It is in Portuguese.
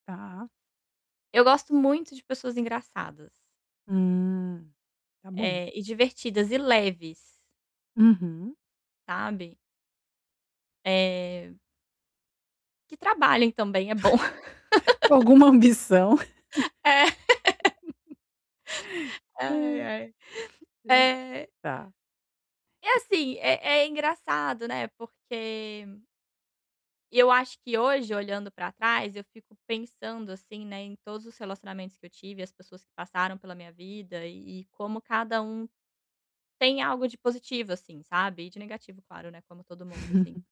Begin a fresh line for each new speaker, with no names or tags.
Tá.
Eu gosto muito de pessoas engraçadas.
Hum. Tá bom.
Eh, e divertidas e leves
Uhum.
sabe? Eh que trabalhem também, é bom.
Alguma ambição.
É.
Hã.
Ai, ai.
Entendi.
Eh
Tá.
E, assim, é é engraçado, né, porque e eu acho que hoje, olhando pra trás, eu fico pensando, assim, né, em todos os relacionamentos que eu tive e as pessoas que passaram pela minha vida e e como cada um tem algo de positivo, assim, sabe, e de negativo, claro, né, como todo mundo, assim.